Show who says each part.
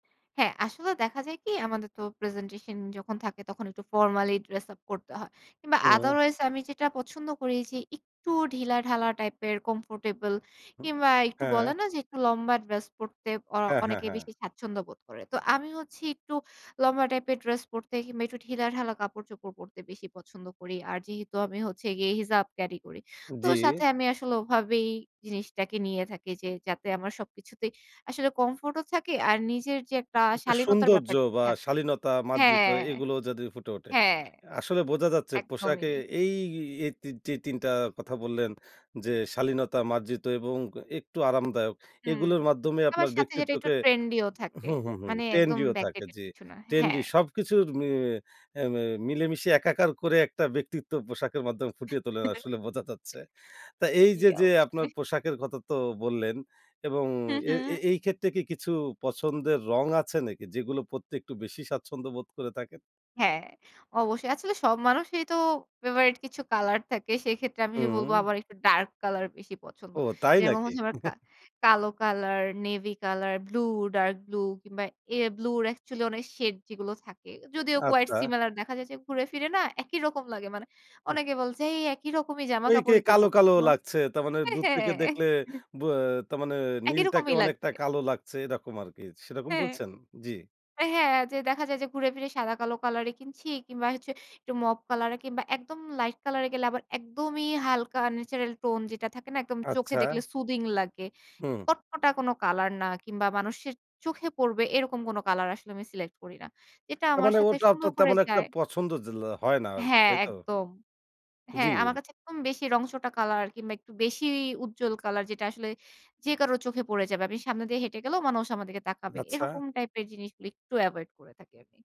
Speaker 1: হ্যাঁ, আসলে দেখা যায় কি? আমাদের তো প্রেজেন্টেশন যখন থাকে, তখন একটু ফরমালী ড্রেস আপ করতে হয়। কিংবা
Speaker 2: হুম।
Speaker 1: otherways আমি যেটা পছন্দ করি, যে একটু ঢিলাঢালা টাইপের কমফোর্টেবল,
Speaker 2: হু,
Speaker 1: কিংবা একটু
Speaker 2: হ্যাঁ।
Speaker 1: বলে না? যে একটু লম্বা ড্রেস পড়তে অ
Speaker 2: হ্যাঁ, হ্যাঁ,
Speaker 1: অনেকে
Speaker 2: হ্যাঁ।
Speaker 1: বেশি স্বাচ্ছন্দ্য বোধ করে। তো আমি হচ্ছি একটু লম্বা টাইপ এর ড্রেস পড়তে, কিংবা একটু ঢিলাঢালা কাপড়-চোপড় পড়তে, বেশি পছন্দ করি। আর যেহেতু আমি হচ্ছে গিয়ে হিজাব ক্যারি করি। তো
Speaker 2: জী।
Speaker 1: সাথে আমি আসলে ওভাবেই জিনিসটাকে নিয়ে থাকি, যে যাতে আমার সবকিছুতেই আসলে কমফোর্ট ও থাকে। আর নিজের যে একটা
Speaker 2: একটা
Speaker 1: শালীনতার
Speaker 2: সৌন্দর্য
Speaker 1: ব্যাপারটা
Speaker 2: বা
Speaker 1: থাকে
Speaker 2: শালীনতা মার্জিত
Speaker 1: হ্যাঁ।
Speaker 2: এগুলো যদি ফুটে ওঠে।
Speaker 1: হ্যাঁ।
Speaker 2: আসলে বোঝা যাচ্ছে,
Speaker 1: একদমই।
Speaker 2: পোশাকে এই, এ তি তি ৩ টা কথা বললেন, যে শালীনতা মার্জিত এবং একটু আরামদায়ক।
Speaker 1: হু।
Speaker 2: এগুলোর মাধ্যমে
Speaker 1: আবার
Speaker 2: আপনার
Speaker 1: সাথে যেটা একটু
Speaker 2: ব্যক্তিত্বকে
Speaker 1: ট্রেন্ডি ও থাকে।
Speaker 2: হু, হু, হু,
Speaker 1: মানে একদম
Speaker 2: ট্রেন্ডি ও থাকে
Speaker 1: ব্যাকডেটেড
Speaker 2: জ্বি।
Speaker 1: কিছু না
Speaker 2: ট্রেন্ডি
Speaker 1: হ্যাঁ।
Speaker 2: সবকিছুর মি এ্যা ম্যা মিলেমিশে একাকার করে একটা ব্যক্তিত্ব পোশাকের মাধ্যমে ফুটিয়ে তোলেন, আসলে বোঝা যাচ্ছে। তা এই
Speaker 1: জী।
Speaker 2: যে, যে, আপনার
Speaker 1: অবশ্যই।
Speaker 2: পোশাকের কথা তো বললেন। এবং
Speaker 1: হু,
Speaker 2: এ
Speaker 1: হু।
Speaker 2: এই ক্ষেত্রে কি কিছু পছন্দের রং আছে? নাকি যেগুলো পড়তে একটু বেশি স্বাচ্ছন্দ্য বোধ করে থাকেন?
Speaker 1: হ্যাঁ, অবশ্যই। আসলে সব মানুষই তো ফেভারাইট কিছু কলার থাকে। সেক্ষেত্রে আমি বলব
Speaker 2: হু।
Speaker 1: আমার একটু ডার্ক কলার বেশি পছন্দ।
Speaker 2: ও তাই
Speaker 1: যেরকম
Speaker 2: নাকি?
Speaker 1: হচ্ছে আমার কা কালো colour, navy colour, blue, dark blue কিংবা এ ব্লু অ্যাকচুয়ালি অনেক শেড যেগুলো থাকে। যদিও quite
Speaker 2: আচ্ছা।
Speaker 1: similar দেখা যাচ্ছে ঘুরে ফিরে না, একই রকম লাগে। মানে
Speaker 2: হু।
Speaker 1: অনেকে বলছে এই একই রকমই
Speaker 2: ওই কেই
Speaker 1: জামাকাপড়ই তো
Speaker 2: কালো,
Speaker 1: পড়তে
Speaker 2: কালো,
Speaker 1: [unintelligible]
Speaker 2: লাগছে। তার মানে
Speaker 1: এ্যা
Speaker 2: দূর থেকে দেখলে
Speaker 1: হ্যাঁ
Speaker 2: ব এ তারমানে
Speaker 1: একই
Speaker 2: নীলটাকে
Speaker 1: রকমই
Speaker 2: অনেকটা
Speaker 1: লাগবে।
Speaker 2: কালো লাগছে এরকম আরকি। সেরকম
Speaker 1: হ্যাঁ।
Speaker 2: বলছেন? জি।
Speaker 1: আ হ্যাঁ, দেখা যায় যে ঘুরে ফিরে সাদা, কালো, কালার এ কিনছি। কিংবা হচ্ছে একটু মপ কলার এ কিংবা একদম লাইট কলার এ গেলে আবার, একদমই হালকা ন্যাচারাল টোন যেটা থাকে না? একদম চোখে দেখলে
Speaker 2: আচ্ছা।
Speaker 1: সুথিং লাগে।
Speaker 2: হুম।
Speaker 1: কটকটা কোন কালার না, কিংবা মানুষের চোখে পড়বে এরকম কোন কালার আসলে আমি সিলেক্ট করি না। এটা
Speaker 2: তার
Speaker 1: আমার
Speaker 2: মানে
Speaker 1: সাথে
Speaker 2: ওটাও তো
Speaker 1: সুন্দর করে
Speaker 2: তেমন একটা
Speaker 1: যায়
Speaker 2: পছন্দ [unintelligible] হয় না আরকি।
Speaker 1: হ্যাঁ,
Speaker 2: তাই তো?
Speaker 1: একদম।
Speaker 2: জ্বি।
Speaker 1: হ্যাঁ, আমার কাছে একদম বেশি রং চটা কালার, কিংবা একটু বেশি উজ্জ্বল কালার যেটা আসলে যে কারো চোখে পড়ে যাবে। আমি সামনে দিয়ে হেঁটে গেলেও মানুষ আমার দিকে তাকাবে।
Speaker 2: আচ্ছা।
Speaker 1: এরকম টাইপের জিনিসগুলো একটু এভয়েড করে থাকি আমি।